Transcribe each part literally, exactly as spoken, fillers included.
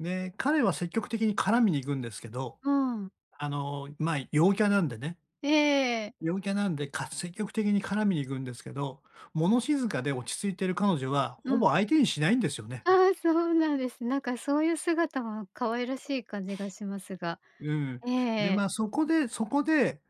ね、彼は積極的に絡みに行くんですけど、うん。あの、まあ、陽キャなんでね。ええええ。陽キャなんでかす積極的に絡みに行くんですけど、物静かで落ち着いてる彼女はうほん。ぼ相手にしないんですよね。ああ、そうなんです。なんかそういう姿は可愛らしい感じがしますが、うん。えええで、え。ま、そこでそこで、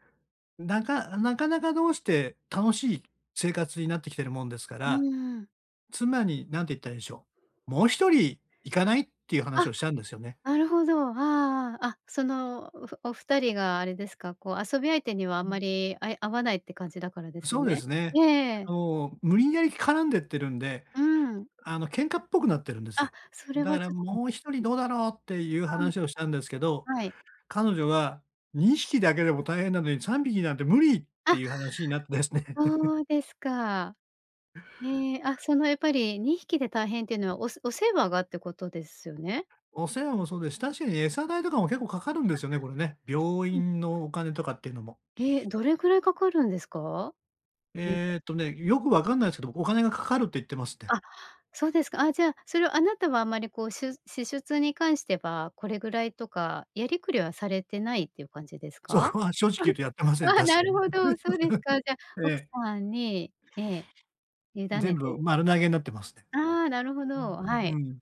なかなかなかどうして楽しい生活になってきてるもんですかうら、ん、うん。妻に、なんて言ったらいいでしょう、「もうひとりいかない？」っていう話あ！をしたんですよね。なるほど、ああああ、あ、その、おふおふたりがあれですか、こう、遊び相手にはあうんん。まりあい合わないって感じだからですそうでね？すね。えええあえ。の、無理やり絡んでってるんで、うーん。あの、喧嘩っぽくなってるんですあ、よ。それだはから、ちょっと「もうひとりどうだろう？」っていうあ話をしたんですけど、あ。はい。彼女が、「にひきだけでも大変なのにさんびきなんて無理」ってあ！いう話になってですね。そうですか。へえ、あ、その、やっぱりにひきで大変っていうのはおせお世話がってことですよね？お世話もそうです、確かに餌代とかも結構かかるんであ、すよね、これね。病そ、なんすか？院のお金とかっていうのも。え？どれぐらいかかるんですか？猫。えっとね、よくわかんないすけど、お金がかかるって言ってますって。あ、そうですか。あ、じゃあ、それをあなたはあんまりこう、しゅ支出に関してはこれぐらいとかやりくりはされてないっていう感じですそか？こは正直言う とやってません、あ、確なかるに。ほ ど、そうですか。じゃあえ奥え。さんに、ええ、委ね全て、い、部ね。丸投げなってますね。ああ、なるほうん、う、ど、はい。ふん。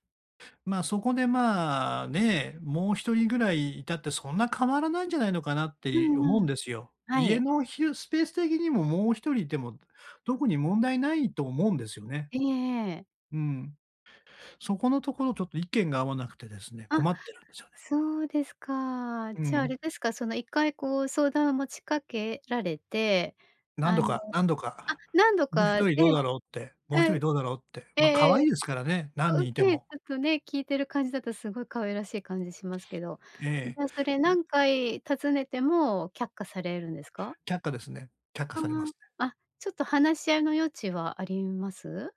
ま、そこでまあ、ね、もうひとりぐらいいたってそんな変わらないんじゃないのかなってうい思んううんん。ですよ。は家い。のひろスペース的にももうひとりいても特に問題ないと思うんですよね。ええええ。うん。そこのところちょっと意見が合わなくてですね、あ、困ってるんですよね。そうですか。うじゃ、あん。れですか、その、いっかいこう、相談を持ちかけられて、何あ度かの何度あ、か、何度「もうひかとね、りうどうだろう？」って、ん、「もうひとえりどうだろう？」って、ええま、可え、愛え、いですからね、何そう、人いてええ、ちも。ょっとね、聞いてる感じだとすごい可愛らしい感じしますけど、じえゃあそれえ。何回たずねても却下されるんですか？却下ですね、却下あされますね。あ、あ、ちょっと話し合いの余地はあります？